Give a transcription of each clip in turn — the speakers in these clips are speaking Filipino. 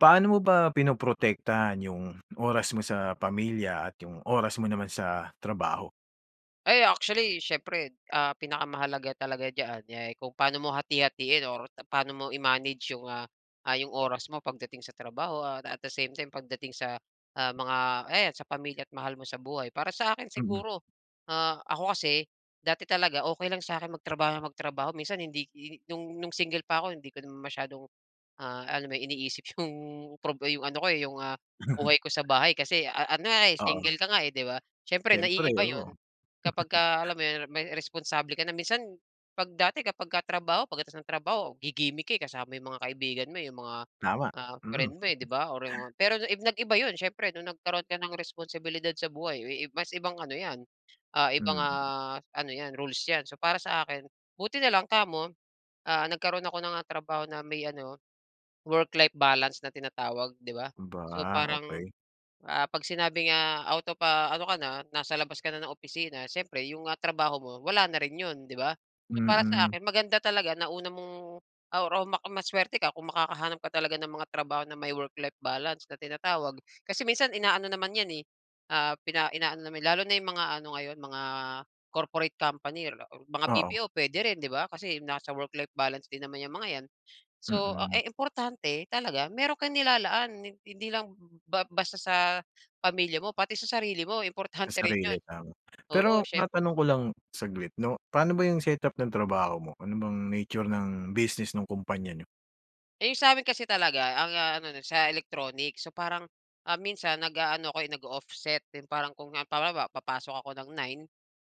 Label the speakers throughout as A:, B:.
A: Paano mo ba pinoprotektahan yung oras mo sa pamilya at yung oras mo naman sa trabaho?
B: Ay actually, siyempre, ah, pinakamahalaga talaga diyan, eh, kung paano mo hati-hatiin or paano mo i-manage 'yong, ah, ah, 'yong oras mo pagdating sa trabaho at at the same time pagdating sa, ah, mga ayan, sa pamilya at mahal mo sa buhay. Para sa akin
A: Mm.
B: siguro, ah, ako kasi dati talaga okey lang sa'kin magtrabaho nang magtrabaho. Minsan hindi hi no'ng no'ng single pa ako hindi ko masyadong, ah, alam mo yon? Iniisip 'yong prob 'yong ano ko, eh, 'yong, ah, buhay ko sa bahay kasi a ano nga, eh,
A: Oo.
B: single ka nga, eh, 'di ba? Siyempre
A: Siyempre,
B: naiiba 'yon
A: oo.
B: kapag alam mo 'yon, may responsable ka na. Minsan 'pag dati kapagka trabaho pagkatapos ng trabaho gigimik ka, eh, kasama mo 'yong mga kaibigan mo, eh, yung mga,
A: Tama!
B: ah,
A: Mm.
B: friend mo, eh, 'di ba, or yung pero nag-iba 'yon siyempre nung nagkaroon ka ng responsibilidad sa buhay i i mas ibang ano 'yan, ah, ibang,
A: Mm.
B: ah, ano 'yan, rules 'yan. So, para sa akin buti na lang kamo, ah, nagkaroon ako ng, ah, trabaho na may ano, work-life balance na tinatawag, 'di ba? So,
A: 'Ba,
B: parang,
A: okey.
B: ah, 'pag sinabi nga out of, ah, ano ka na, nasa labas ka na ng opisina, siyempre 'yong, ah, trabaho mo, wala na rin 'yon, 'di ba? So, para sa
A: Mm.
B: akin maganda talaga na una mong or, ah, ma maswerte ka kung makakahanap ka talaga ng mga trabaho na may work-life balance na tinatawag. Kasi minsan ina-ano naman 'yan, eh, ah, pina ina-ano naman lalo na 'yong mga ano ngayon, mga corporate company or mga
A: Oo.
B: BPO pwede rin, 'di ba? Kasi nasa work-life balance din naman 'yang mga 'yan. So, ah,
A: Mm.
B: eh, importante talaga meron kang nilalaan hi hindi lang ba basta sa pamilya mo pati sa sarili mo, importante
A: Sa
B: rin
A: sarili,
B: yun.
A: tama.
B: Oo,
A: Pero
B: syem
A: matanong ko lang saglit 'no? Pano ba yung set up ng trabaho mo? Ano bang nature ng business nung kumpanya niyo?
B: 'Yong sa amin kasi talaga ang, ah, ano nun sa electronics. So, parang, ah, minsan nag-aano ako, eh, nag-o-offset din parang kung halimbawa, papasok ako ng 9,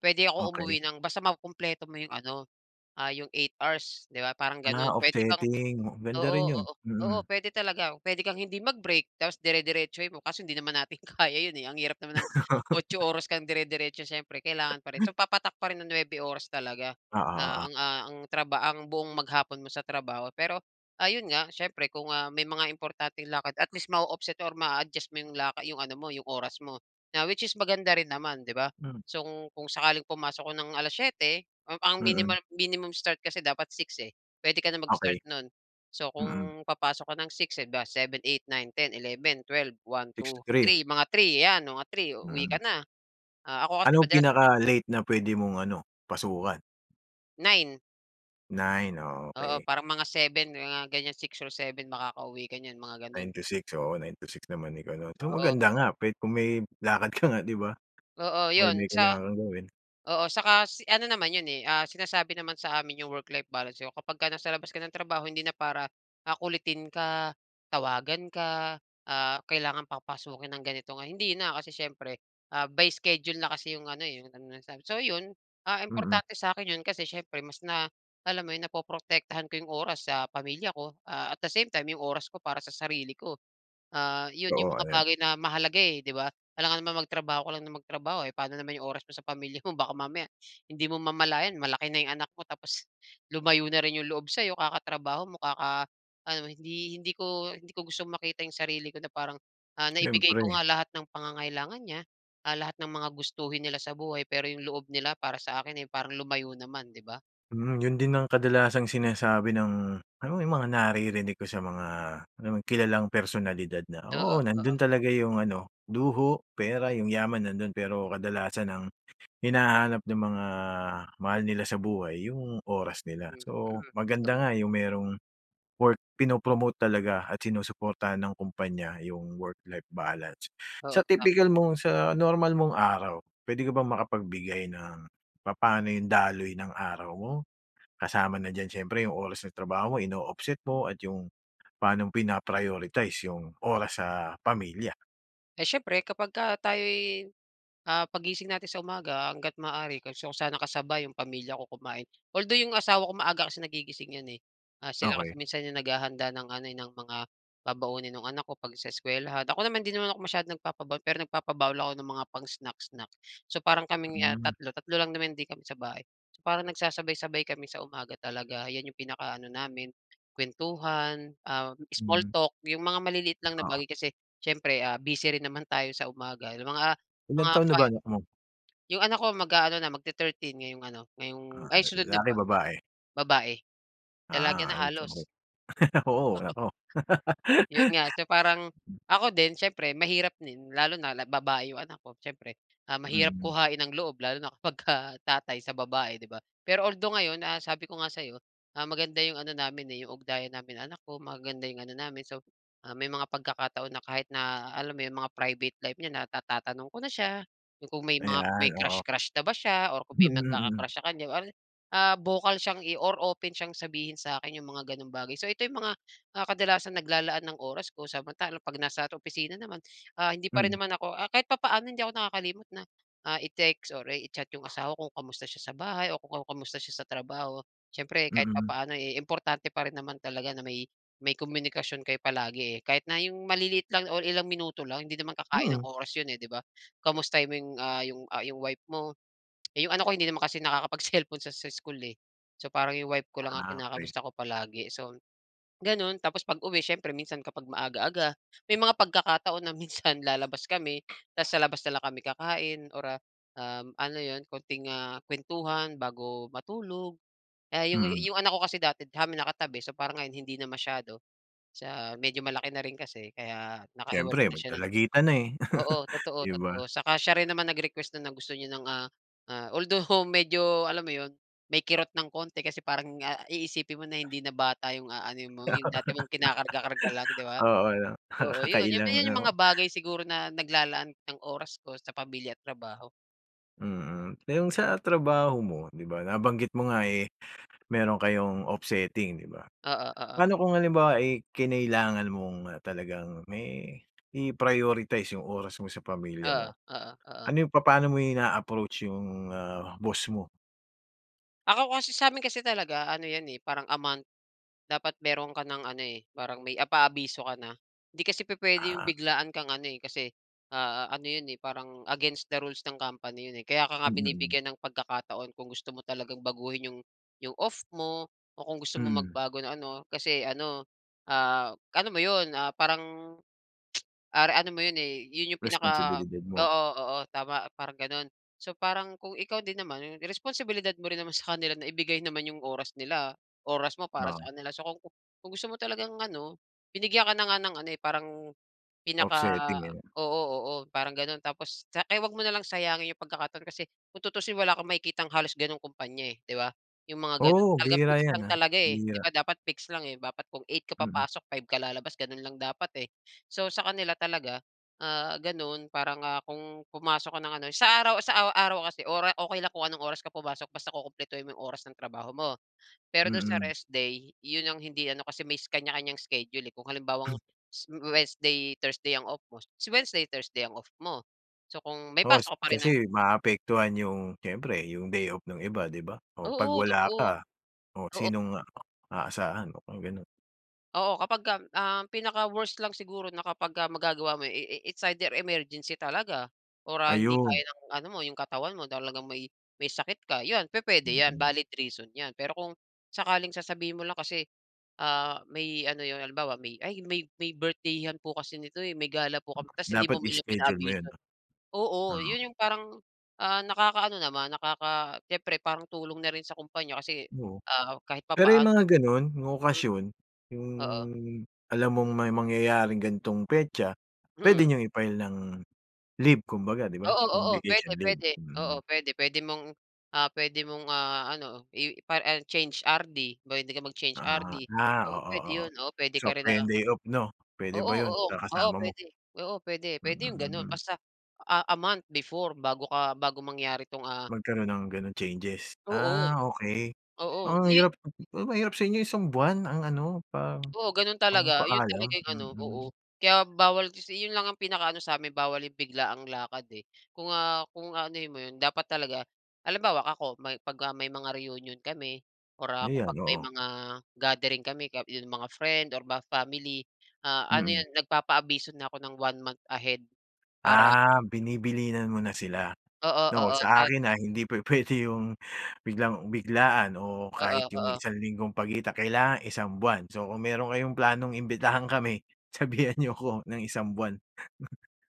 B: puwede ako
A: Okey.
B: umuwi ng basta makukumpleto mo 'yung ano, ah, 'yung 8 hours, 'di ba? Parang
A: Ah,
B: ganun.
A: off
B: Puwede kang
A: setting. Ganda
B: oo,
A: rin yun,
B: oo, oo,
A: mm.
B: puwede talaga. Puwede kang hindi mag-break tapos dire-diretsohin mo kaso hindi naman natin kaya 'yon, eh, ang hirap naman ng 8 oras kang dire-diretso. Siyempre, kailangan pa rin. So papatak pa rin ng 9 oras talaga
A: Oo,
B: na
A: oo.
B: ang, ah, na ang traba ang buong maghapon mo sa trabaho. Pero ayun nga, siyempre kung, ah, may mga importanteng lakad at least ma-o-offset or maa-adjust mo 'yong la 'yung ano mo, 'yung oras mo na which is maganda rin naman, 'di ba?
A: Hmm.
B: So, kung kung sakaling pumasok ka ng 7:00, ang pang
A: Mm.
B: minimal minimum start kasi dapat 6, eh, puwede ka na mag-start
A: Okey.
B: no'n. So,
A: Mm.
B: kung papasok ka ng 6, 'di ba, seven, eight, nine, ten, eleven, twelve, one,
A: six to
B: two,
A: three?
B: three, mga 3 ayan, mga 3 uuwi ka
A: Mm.
B: na. Ah, ako kasi
A: Anong
B: madalas
A: pinaka late na pwede mong ano, pasukan?
B: 9.
A: 9, oh,
B: Oo,
A: okey.
B: parang mga 7 mga ganyan. 6 or 7 makakauwi ka niyan, mga gano'n.
A: 9-6, oo. 9-6 naman ikaw 'no? So,
B: Oo,
A: maganda
B: oo.
A: nga kung may lakad ka nga, 'di ba
B: Oo,
A: or
B: yun
A: may
B: sa
A: kailangan gawin.
B: oo, saka si ano naman 'yon, eh, ah, sinasabi naman sa amin 'yung work-life balance niyo. Kapagka nasa labas ka ng trabaho hindi na para, ah, kulitin ka, tawagan ka, ah, kailangan papasukin ng ganitong, ah, hindi na kasi siyempre, ah, by schedule na kasi 'yong ano, eh, 'yong ano sa'min. So 'yon, ah,
A: Mm.
B: importante sa'kin 'yon kasi siyempre mas na alam mo yun, napoprotektahan ko 'yong oras sa pamilya ko, ah, at the same time 'yong oras ko para sa sarili ko. Ah, yun
A: Oo,
B: yung mga
A: ayan.
B: bagay na mahalaga, eh, 'di ba? Alangan naman magtrabaho ka lang na magtrabaho, eh, pa'no naman 'yong oras mo sa pamilya mo? Baka mamaya hindi mo mamalayan malaki na 'yong anak mo tapos lumayo na rin 'yung loob sa'yo kakatrabaho mo, kaka-ano, hindi hindi ko hindi ko gustong makita yung sarili ko na parang, ah, naibigay ko
A: Siyempre.
B: nga lahat ng pangangailangan niya, ah, lahat ng mga gustuhin nila sa buhay, pero yung loob nila para sa akin, eh, parang lumayo naman, 'di ba?
A: Hmm. Yun din ang kadalasang sinasabi ng, alam mo yung mga naririnig ko sa mga, alam mo kilalang personalidad na,
B: Oo,
A: oo
B: oo.
A: nandun talaga yung ano, luho, pera, yung yaman nandun, pero kadalasan ang hinahanap ng mga mahal nila sa buhay yung oras nila.
B: Mm.
A: So maganda
B: Totoo.
A: nga yung merong work pinopromote talaga at sinusuportahan ng kumpanya yung work life balance.
B: Oo,
A: Sa
B: tama.
A: tipikal mong sa normal mong araw, pwede ka bang makapagbigay ng papaano yung daloy ng araw mo, kasama na diyan siyempre yung oras ng trabaho mo, ino-offset mo, at yung pa'nong pina-prioritize yung oras sa pamilya.
B: Eh, siyempre kapagka tayo'y, ah pag gising natin sa umaga hangga't maaari gusto ko sana kasabay 'yong pamilya ko kumain, although 'yong asawa ko maaga kasi nagigising 'yon eh. Ah sila kasi
A: Okey.
B: minsan yung naghahanda ng ano eh, ng mga babaunin nung anak ko 'pag sa eskuwelahan. Ako naman 'di naman ako masyadong nagpapabaon, pero nagpapabaon lang ako ng mga pang snack-snack. So parang kaming ah
A: Hmm.
B: 3, 3 lang naman din kami sa bahay. So parang nagsasabay-sabay kami sa umaga talaga. Yan yung pinaka ano namin, kwentuhan, um small
A: Mm.
B: talk, yung mga maliliit lang na
A: Oo.
B: bagay. Kasi siyempre, ah busy rin naman tayo sa umaga, yung mga
A: Ilang
B: mga
A: taon na ba
B: 5.
A: anak mo?
B: 'Yong anak ko mag-aano na, mag te-thirteen ngayong ano, ngayong
A: Ah,
B: ay sunod na
A: lalaki?
B: buwan.
A: Babae?
B: Babae. Dalaga
A: Ah,
B: na halos.
A: [unintelligible] oo, nako.
B: Yun nga. So parang, ako din siyempre mahirap din, lalo na la babae yung anak ko siyempre. Ah mahirap
A: Mm.
B: kuhain ang loob, lalo na kapagka tatay sa babae, 'di ba. Pero although ngayon ah sabi ko nga sa'yo, ah maganda yung ano namin eh, yung ugnayan namin ng anak ko, maganda yung ano namin. So ah may mga pagkakataon na kahit na, alam mo yun, mga private life niya na natatanong ko na siya, yung kung may mga may
A: Ayan, oo.
B: crush-crush na ba siya or kung
A: Mm,
B: may
A: mm.
B: nagkaka-crush sa kanya. Ah vocal siyang i or open siyang sabihin sa'kin yung mga gano'ng bagay. So ito yung mga, ah, kadalasang naglalaan ng oras ko. Samantalang 'pag nasa opisina naman, ah, hindi pa rin
A: Mm.
B: naman ako ah, kahit papaano hindi ako nakakalimot na, ah i-text or i-chat yung asawa ko kung kamusta siya sa bahay, o kung kamusta siya sa trabaho. Siyempre kahit
A: Mm.
B: papaano, eh importante pa rin naman talaga na may may komunikasyon kayo palagi eh, kahit na yung maliliit lang o ilang minuto lang, hindi naman kakain
A: Mm.
B: ng oras 'yon eh 'di ba .Kamustahin mo 'yong, ah, 'yong, ah, 'yong wife mo. 'Yong anak ko hindi naman kasi nakakapag-cellphone sa school eh. So parang 'yong wife ko lang ang
A: Ah, okey.
B: kinakamusta ko palagi. So gano'n, tapos pag-uwi siyempre minsan kapag maaga-aga, may mga pagkakataon na minsan lalabas kami, tapos sa labas na lang kami kakain, or ah um ano 'yon, konting ah kuwentuhan bago matulog. Ah, 'yong
A: Mm.
B: 'yong anak ko kasi dati sa'min nakatabi, so parang ngayon hindi na masyado, sa medyo malaki na rin kasi kaya nakahiwalay
A: Syempre
B: na
A: mag
B: siya ng
A: dalagita na eh.
B: oo,
A: 'Di ba.
B: totoo-totoo. 'Tsaka siya rin naman nag-request nun na gusto niyo ng ah ah. Although medyo, alam mo yun, may kirot ng konti, kasi parang ah iisipin mo na hindi na bata yung aanuhin mo, yung dati mong kinakarga-karga lang, 'di ba.
A: Oo ano.
B: Oo, yun
A: Nakakailang
B: yun yung
A: 'no.
B: mga bagay siguro na naglalaan ng oras ko sa pamilya at trabaho.
A: Mm. Eh, 'yung sa trabaho mo, 'di ba, nabanggit mo nga, eh, meron kayong offsetting, 'di ba?
B: Oo. Oo.
A: Pa'no kung halimbawa, eh, kinailangan mong, ah, talagang me i-prioritize 'yung oras mo sa pamilya
B: Oo.
A: mo,
B: Oo. Oo.
A: ano 'yung papaano mo ina-approach 'yung, ah, boss mo?
B: Ako kasi sa'min kasi talaga ano 'yan, eh, parang a month, dapat meron ka ng ano, eh, parang may a paabiso ka na. 'Di kasi pupuwede 'yong
A: Ah.
B: biglaan kang ano, eh, kasi, ah, ano 'yon, eh, parang against the rules ng company 'yon, eh, kaya ka nga
A: Hmm, mm.
B: binibigyan ng pagkakataon kung gusto mo talagang baguhin 'yong 'yong off mo o kung gusto mong
A: Mm.
B: magbago ng ano, kasi ano, ah, ano mo 'yon, ah, parang are ano mo yun, eh, 'yun 'yung pinaka,
A: Responsibilidad mo.
B: oo, oo, tama, parang gano'n. So parang kung ikaw din naman responsibilidad mo rin naman sa kanila na ibigay naman 'yung oras nila, oras mo para
A: Ah.
B: sa ano nila. So kung kung gusto mo talagang ano, binigyan ka na nga ng ano, eh, parang, pinaka,
A: Offsetting, eh, 'no.
B: oo, oo, parang gano'n, tapos, kaya 'wag mo nalang sayangin 'yung pagkakataon, kasi kung tuusin wala kang makikitang halos gano'ng kumpanya, eh, 'di ba, 'yong mga gano'n.
A: Oo.
B: Talagang
A: Bihira
B: fix
A: 'yan,
B: lang
A: ah,
B: talaga, eh, 'di
A: bihira.
B: ba, dapat fix lang, eh. Dapat kung 8 ka
A: Mm.
B: papasok, 5 ka lalabas, gano'n lang dapat, eh. So sa kanila talaga, ah, gano'n parang, ah, kung pumasok ka ng ano sa araw sa araw kasi ora okey lang kung anong oras ka pumasok basta kukumpletuhin mo 'yong oras ng trabaho mo. Pero do'n sa
A: Mm.
B: rest day, 'yon ang hindi ano, kasi may kaniya-kaniyang schedule, eh, kung halimbawang Wednesday, Thursday ang off mo, si Wednesday, Thursday ang off mo. So kung may
A: Oo.
B: pasok ka pa rin
A: Kasi
B: ng
A: maapektuhan 'yung, siyempre 'yung day off nung iba, 'di ba? O 'pag
B: Oo,
A: wala
B: totoo.
A: ka, o
B: Oo.
A: sinong aasahan o kung gano'n?
B: Oo kapagka ang pinaka-worst lang siguro na kapag ah, magagawa mo eh eh it's either emergency talaga or ah hindi kaya
A: Ayun.
B: ng ano mo 'yong katawan mo talagang may may sakit ka. 'Yon pupuwede 'yan
A: Mm.
B: valid reason 'yan. Pero kung sakaling sasabihin mo lang kasi ah, may ano 'yon halimbawa may ay may may birthday-an po kasi nito may gala po kami ta's hindi mo
A: Dapat
B: man lang
A: i-schedule mo yun,
B: pinaabiso,
A: 'no?
B: oo
A: Oo.
B: 'yon 'yong parang, ah nakaka-ano naman, nakaka siyempre parang tulong na rin sa kumpanya kasi
A: Oo.
B: ah, kahit
A: Pero yung
B: papaano
A: mga ganun yung
B: Mm.
A: okasyon, yung
B: Oo.
A: alam mong may mangyayaring ganitong petsa, pwede
B: Mm.
A: niyong i-file ng leave kumbaga, 'di ba?
B: Oo,
A: Ng
B: oo pwede,
A: vacation leave,
B: pwede. Oo
A: mm.
B: pwede, pwede mong ah pwede mong ah ano, ipa ar ah, change RD pwede ka mag-change RD.
A: Ah, ah
B: Oo,
A: oo,
B: pwede
A: oo
B: yun, oo pwede ka
A: swap
B: rin na
A: kayo day-off no, pwede
B: Oo,
A: ba yun
B: oo,
A: sa
B: oo
A: kasama mo?
B: pwede, oo pwede,
A: Hmm
B: pwede yung ganon.
A: mm.
B: Basta ah, a month before bago ka bago mangyari 'tong ah
A: Magkaroon ng ganung changes?
B: Oo,
A: Ah okey.
B: oo.
A: Ang
B: I
A: hirap, mahirap sa inyo isang buwan ang ano pa
B: Oo gano'n
A: ang
B: talaga 'yon
A: paalam?
B: talaga yung ano, oo,
A: Mm.
B: kaya bawal 'yon lang ang pinaka-ano sa'min bawal yung biglaang lakad eh. Kung ah, kung anuhin mo 'yon dapat talaga halimbawa ako may pagka may mga reunion kami or ah kung
A: Ayan
B: 'pag may
A: oo.
B: mga gathering kami ka 'yong mga friend or ba family, ah ano
A: Mm.
B: 'yon nagpapaabiso na ako ng one month ahead para
A: Ah binibilinan mo na sila,
B: Oo,
A: 'no?
B: oo
A: Sa
B: sa
A: akin ah, hindi pwede yung biglang biglaan o kahit
B: Oo,
A: yung
B: oo.
A: isang linggong pagitan, kailangan isang buwan. So kung meron kayong planong imbitahan kami, sabihan niyo ko ng isang buwan.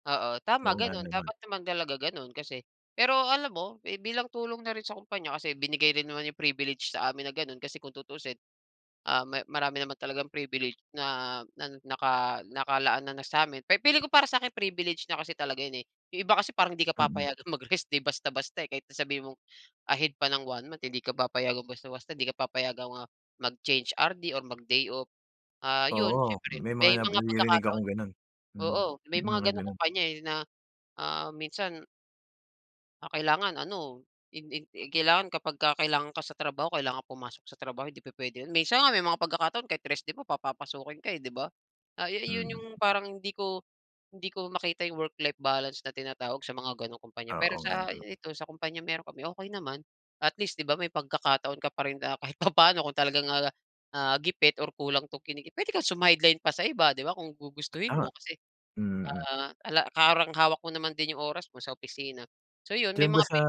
B: Oo
A: Oo
B: tama
A: nga
B: ganun,
A: naman.
B: dapat naman talaga ganun kasi. Pero alam mo, eh bilang tulong na rin sa kumpanya kasi binigay rin naman yung privilege sa amin na ganun kasi kung tutuusin ah ma marami naman talagang privilege na na naka nakalaan na na sa'min, pi feeling ko para sa'kin privileged na kasi talaga yun eh. Yung iba kasi parang hindi ka
A: Mm.
B: papayagang mag-rest day basta basta eh. Kahit na sabihin mong ahead pa ng one-month hindi ka papayagang basta-basta di ka papayagang ah, mag-change RD or mag day off. Ah yun,
A: Oo
B: siyempre
A: may mga
B: may mga
A: naririnig
B: pagkakataon
A: akong ganon. Mm,
B: oo may
A: may
B: mga
A: mga
B: ganong
A: ganon.
B: kumpanya eh na ah minsan ah, kailangan ano. In in i kailangan kapagka kailangan ka sa trabaho kailangan pumasok sa trabaho hindi pupuwede 'yon. Minsan nga may mga pagkakataon kahit rest day ka papapasukin ka, eh, 'di ba. Ah, ayu 'yon
A: Mm.
B: 'yong parang hindi ko hindi ko makita 'yong work-life balance na tinatawag sa mga ganong kumpanya. Pero,
A: Oo nga
B: sa
A: naman.
B: i ito sa kumpanya meron kami, okey naman, at least 'di ba may pagkakataon ka pa rin na kahit papano kung talagang, ah, gipit or kulang 'tong kinikita puwede kang sumadline pa sa iba 'di ba, kung gugustuhin
A: Tama.
B: mo kasi,
A: Mm.
B: ah, ala parang hawak mo naman din yung oras mo sa opisina. So yun, may
A: Diyan ba
B: mga
A: sa,
B: pi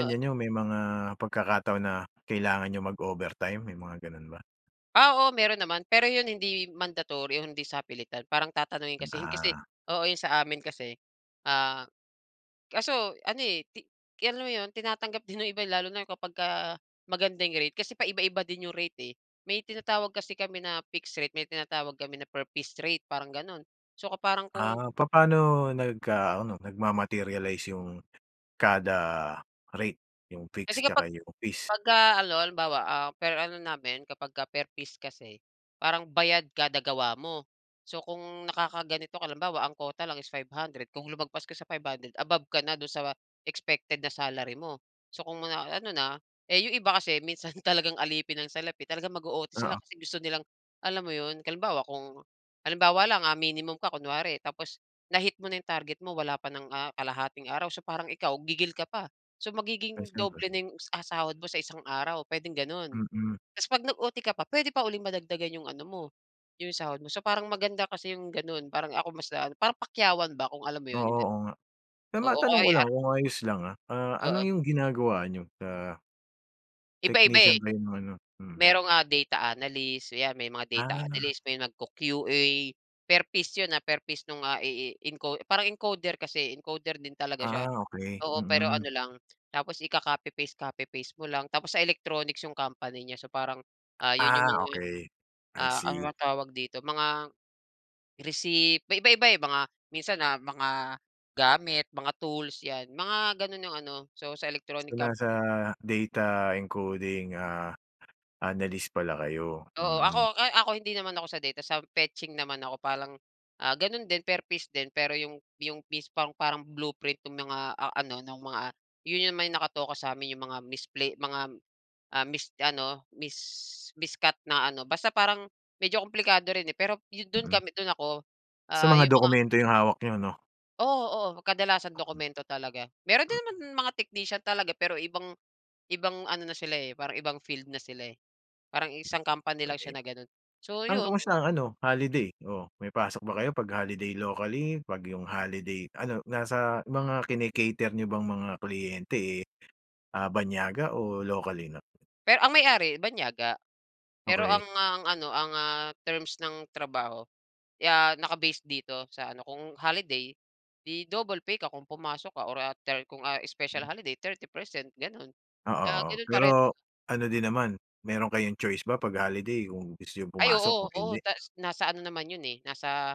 B: Oo.
A: niyo may mga pagkakataon na kailangan niyo mag-overtime, may mga ganun ba?
B: Ah, oo, meron naman. Pero yun hindi mandatory, hindi sapilitan parang tatanungin kasi yun. Kasi
A: Ah.
B: oo yun sa amin kasi, ah, kaso ano, eh, ti alam mo 'yon tinatanggap din yung iba lalo na kapagka, maganda yung rate, kasi pa iba-iba din yung rate, eh. May tinatawag kasi kami na fixed rate, may tinatawag kami na per piece rate, parang ganun. So ka parang kung
A: Ah, papano nagka-ano nagmamaterialize yung kada rate, yung
B: Kasi
A: fix tsaka
B: kapag
A: yung piece?
B: pagka-ano halimbawa, ah, per ano namin kapag ka per piece kasi, parang bayad kada gawa mo. So kung nakakaganito ka lang bawa ang quota lang is 500 kung lumagpas ka sa 500, above ka na do'n sa expected na salary mo. So, kung ma na ano na eh, yung iba kasi minsan talagang alipin ng salapi talagang mag-o-OT sila
A: Oo.
B: kasi gusto nilang, alam mo 'yon halimbawa kung halimbawa lang ah, minimum ka kunwari tapos, na-hit mo na 'yong target mo wala pa ng, ah, kalahating araw so parang ikaw gigil ka pa. So,
A: Ay,
B: magiging
A: siyempre.
B: doble na 'yong, ah, sahod mo sa isang araw puwedeng gano'n.
A: Mm.
B: Ta's 'pag nag-OT ka pa, puwede pa uling madagdagan 'yong ano mo, 'yong sahod mo. So parang maganda kasi 'yong gano'n, parang ako mas na an parang pakyawan ba kung alam mo
A: Oo,
B: 'yon, yung gan
A: oo nga. Pero
B: oo,
A: matanong ko lang
B: [unintelligible]
A: kung ayos lang ha. Ah, ano
B: Oo.
A: yung ginagawa niyo at, ah
B: Iba-iba, eh.
A: Technician kayo ng ano, mm.
B: Mayrong, ah, data analyst, yan may mga data
A: Ah.
B: analyst, may nag-Q-QA. Per piece yun, ah, per piece nung, ah, i i enco parang encoder kasi, encoder din talaga siya,
A: Ah, okey,
B: oo. Pero
A: mm.
B: ano lang, tapos ika-copy paste-copy paste mo lang, tapos sa electronics yung company niya. So parang, ah, yun yung
A: Ah
B: mga,
A: okey, I
B: ah, ano
A: see.
B: bang tawag dito? Mga receipt, may iba-iba, eh, mga minsan, ah, mga gamit mga tools yan. Mga gano'n yung ano, so, sa electronic
A: So, nasa
B: company.
A: data encoding, ah, analyst pala kayo?
B: Oo, ako
A: Mm.
B: ay ako hindi naman ako sa data sa fetching naman ako parang, ah, gano'n din per piece din. Pero yung yung piece pang parang blueprint ng mga, ah, ano ng mga yun naman nakatoka sa'min 'yong mga misplay mga, ah, mis ano, mis miscut na ano, basta parang medyo kumplikado rin eh, pero yu do'n
A: Mm.
B: kami do'n ako,
A: So,
B: ah,
A: mga
B: 'yong mga
A: dokumento yung hawak niyo 'no?
B: Oo, oo kadalasang
A: Ah hmm.
B: dokumento talaga. Mayro'n
A: Hmm.
B: din naman mga technician talaga pero ibang ibang ano na sila, eh, parang ibang field na sila, eh. Parang
A: Mm,
B: isang company lang siya
A: pre.
B: na gano'n. So,
A: Ang
B: yun.
A: kamusta ang ano holiday, oo may pasok ba kayo pag holiday locally? Pag yung holiday ano nasa mga kini-cater niyo bang mga kliyente, eh, ah, banyaga o locally 'no?
B: Pero ang may-ari banyaga, pero ang,
A: Okey.
B: ah, ano ang, ah, terms ng trabaho ya naka-base dito sa ano kung holiday di double pay ka kung pumasok ka or ah, thir kung, ah, special
A: Hmm.
B: holiday 30% gano'n,
A: Oo,
B: ah,
A: oo,
B: gano'n pa rin.
A: pero ano din naman, mayro'n kayong choice ba pag holiday kung gusto yung
B: Ay,
A: pumasok
B: oo.
A: o
B: Oo,
A: hindi?
B: tas nasa ano naman 'yon eh, nasa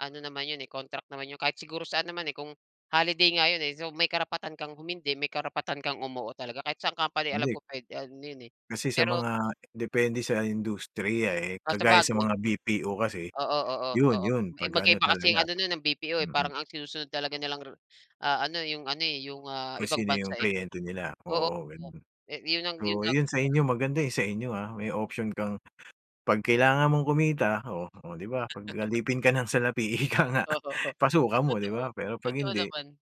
B: ano naman 'yon, eh, contract naman 'yon kahit siguro saan naman, eh, kung holiday nga 'yon, eh. So, may karapatan kang humindi, may karapatan kang umuo talaga kahit saang company alam
A: Hindi.
B: ko puwede ano yun, eh.
A: Kasi sa
B: Pero
A: mga depende sa industriya, eh,
B: Ah,
A: kagaya sa
B: sabagay.
A: mga BPO kasi
B: Oo, oo,
A: yun,
B: oo.
A: yun
B: Eh,
A: pag ano
B: magkaiba kasi
A: talaga,
B: ano no'n ng BPO eh,
A: mm.
B: parang ang sinusunod talaga nilang rou ah, ano yung ano, eh, yung, ah,
A: Kung
B: ibang
A: sino
B: bansa,
A: yung
B: eh.
A: kliyente nila
B: Oo,
A: oo,
B: oo,
A: ganon.
B: eh yun lang, yun
A: Oo,
B: lang,
A: yun
B: yun
A: sa
B: na lang.
A: inyo maganda, eh, sa inyo, ah, may option kang pag kailangan mong kumita oh, oh di ba, pag alipin ka ng salapi ika nga
B: O oo.
A: pasukan mo, di
B: Totoo,
A: ba? Pero pag
B: totoo
A: hindi
B: naman.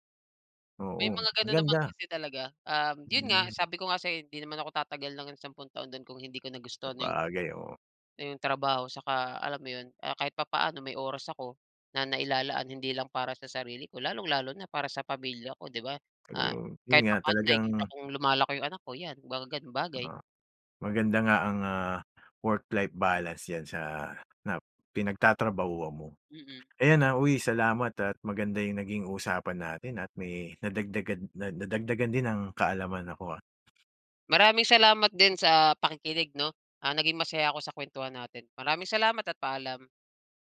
A: Oo,
B: May mga gano'n naman
A: maganda.
B: kasi talaga, um, yun nga
A: Hmm.
B: sabi ko nga sa'yo hindi naman ako tatagal ng sampung taon do'n kung hindi ko nagustuhan yung
A: Sabagay, oo.
B: yung trabaho tsaka alam mo yun, kaya kahit papaano may oras ako na nailalaan hindi lang para sa sarili ko, lalong-lalo na para sa pamilya ko, di ba? Ah,
A: Siguro yun
B: kahit
A: nga
B: papaano
A: talagang
B: nakikita kong lumalaki yung anak ko yan, mga ganung bagay.
A: Oo, maganda nga ang, ah, work-life balance yan sa nap pinagtatrabahuan mo.
B: Mm.
A: Ayan, ah, uy salamat at maganda yung naging usapan natin at may nadagdagan, na nadagdagan din ang kaalamanan ko, ah.
B: Maraming salamat din sa pakikinig 'no, ah, naging masaya ako sa kuwentuhan natin. Maraming salamat at paalam.